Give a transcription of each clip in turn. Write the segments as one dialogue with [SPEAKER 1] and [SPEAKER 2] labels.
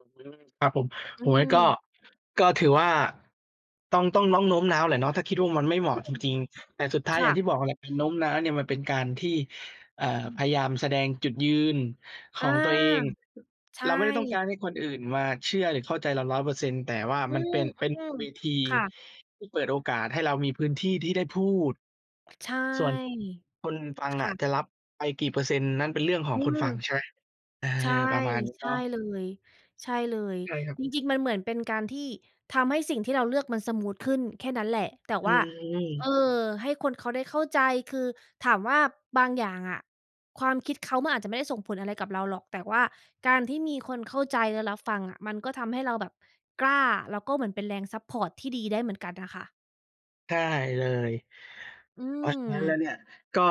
[SPEAKER 1] อื้อฮือ ครับผ
[SPEAKER 2] อ
[SPEAKER 1] ม
[SPEAKER 2] ื
[SPEAKER 1] โอ้โฮ ก็
[SPEAKER 2] ม
[SPEAKER 1] ก็ถือว่า ต้อง ต้อง น้อง โน้มน้าวแหละเนาะ ถ้าคิดว่ามันไม่
[SPEAKER 2] อ
[SPEAKER 1] เหมา
[SPEAKER 2] ื
[SPEAKER 1] ะจ
[SPEAKER 2] ม
[SPEAKER 1] ริง ๆ แต่สุดท้า
[SPEAKER 2] ค
[SPEAKER 1] ยอย
[SPEAKER 2] ่
[SPEAKER 1] ่าง
[SPEAKER 2] ะ
[SPEAKER 1] ที่บอกอะแหละ เป็นโน้มน้าวเนี่ยมันเป็นการที่ เอ่อ พยายามแสดงจุดยืนข
[SPEAKER 2] อา
[SPEAKER 1] องตัวเอง
[SPEAKER 2] ใช
[SPEAKER 1] เราไม่ได้ต้องการ
[SPEAKER 2] ่
[SPEAKER 1] ให้คนอื่นมาเชื่อหรือเข้าใจเรา 100% แต่ว่า
[SPEAKER 2] อื
[SPEAKER 1] มันเป็น เป็น
[SPEAKER 2] ม
[SPEAKER 1] เวที
[SPEAKER 2] ๆ ค่ะ
[SPEAKER 1] ที่เปิดโอกาสให้เรามีพื้นที่ที่ได้พูด
[SPEAKER 2] ใช่
[SPEAKER 1] ส่วนคนฟัง
[SPEAKER 2] ค
[SPEAKER 1] อ
[SPEAKER 2] ่
[SPEAKER 1] ะ
[SPEAKER 2] ะ
[SPEAKER 1] จะรับไปกี่เปอร์เซ็นต์ นั่นเป็นเรื่องขอ
[SPEAKER 2] อื
[SPEAKER 1] งคน
[SPEAKER 2] ม
[SPEAKER 1] ฟัง ใช่ เออ
[SPEAKER 2] ใช่
[SPEAKER 1] ประมาณนี้
[SPEAKER 2] ใช
[SPEAKER 1] เน
[SPEAKER 2] ่
[SPEAKER 1] าะ
[SPEAKER 2] เลย ใช่เลย
[SPEAKER 1] ใช่ครับ
[SPEAKER 2] จริง ๆ มันเหมือนเป็นการที่ทำให้สิ่งที่เราเลือกมันสมูทขึ้นแค่นั้นแหละ แต่
[SPEAKER 1] อื
[SPEAKER 2] ว่า เอ่อ
[SPEAKER 1] ม
[SPEAKER 2] ให้คนเขาได้เข้าใจ คือถามว่าบางอย่างอะ ความคิดเขามันอาจจะไม่ได้ส่งผลอะไรกับเราหรอก แต่ว่าการที่มีคนเข้าใจและรับฟังอะ มันก็ทำให้เราแบบกล้า แล้วก็เหมือนเป็นแรง ซัปพอร์ต ที่ดีได้เหมือนกันน่ะค่ะ
[SPEAKER 1] ใช่เลย
[SPEAKER 2] อื
[SPEAKER 1] เพราะฉะนั้นแล้ว
[SPEAKER 2] ม
[SPEAKER 1] เนี่ย ก็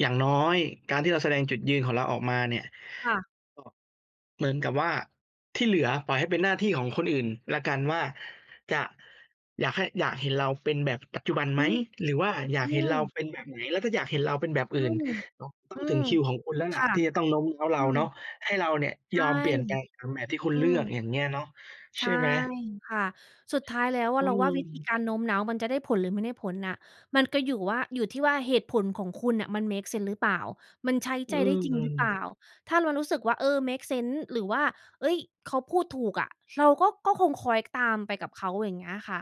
[SPEAKER 1] อย่างน้อยการที่เราแสดงจุดยืนของเราออกมาเนี่ย
[SPEAKER 2] ค่ะ
[SPEAKER 1] ก็เหมือนกับว่าที่เหลือปล่อยให้เป็นหน้าที่ของคนอื่นแล้วกันว่า จะ อยากให้ อยากเห็นเราเป็นแบบปัจจุบันไ
[SPEAKER 2] อื
[SPEAKER 1] หม?
[SPEAKER 2] ม
[SPEAKER 1] หรือว่าอยา
[SPEAKER 2] อื
[SPEAKER 1] กเห็นเรา
[SPEAKER 2] ม
[SPEAKER 1] เป็นแบบไหน? แล้วถ้าอยากเห็นเราเป็นแบบ
[SPEAKER 2] อ
[SPEAKER 1] อื
[SPEAKER 2] ื
[SPEAKER 1] ่น
[SPEAKER 2] ม
[SPEAKER 1] ต
[SPEAKER 2] อ
[SPEAKER 1] ้อ
[SPEAKER 2] ื
[SPEAKER 1] งถึ
[SPEAKER 2] ม
[SPEAKER 1] งคิวของคุณแล้ว
[SPEAKER 2] ค
[SPEAKER 1] ล่ะ
[SPEAKER 2] ่ะ
[SPEAKER 1] ที่จะต้องโน้มน้าวเ
[SPEAKER 2] อ
[SPEAKER 1] ร
[SPEAKER 2] ื
[SPEAKER 1] าเนาะ
[SPEAKER 2] ม
[SPEAKER 1] ให้เราเนี่ย
[SPEAKER 2] ใช
[SPEAKER 1] ย
[SPEAKER 2] ่
[SPEAKER 1] อมเปลี่ยนแปลงตามแบบที่คุ
[SPEAKER 2] อ
[SPEAKER 1] ณ
[SPEAKER 2] ื
[SPEAKER 1] เลือ
[SPEAKER 2] ม
[SPEAKER 1] ก อย่างเงี้ยเนาะ ใ
[SPEAKER 2] ใช
[SPEAKER 1] ช
[SPEAKER 2] ่
[SPEAKER 1] ่ไหม
[SPEAKER 2] ค่ะ สุดท้ายแล้วอ
[SPEAKER 1] อ
[SPEAKER 2] ะ
[SPEAKER 1] ื
[SPEAKER 2] เราว่าวิธี
[SPEAKER 1] ม
[SPEAKER 2] การโน้มน้าวมันจะได้ผลหรือไม่ได้ผลน่ะ มันก็อยู่ว่า อยู่ที่ว่าเหตุผลของคุณน่ะมัน เมกเซนส์ หรือเปล่า มันใช้
[SPEAKER 1] อ
[SPEAKER 2] ใ
[SPEAKER 1] ื
[SPEAKER 2] จได้จริงหรือเปล่
[SPEAKER 1] ม
[SPEAKER 2] า ถ้าเรารู้สึกว่า เออ เมกเซนส์ หรือว่า เอ๊ย เขาพูดถูกอะ เราก็ ก็คงคล้อย ตามไปกับเขาอย่างเงี้ยค่ะ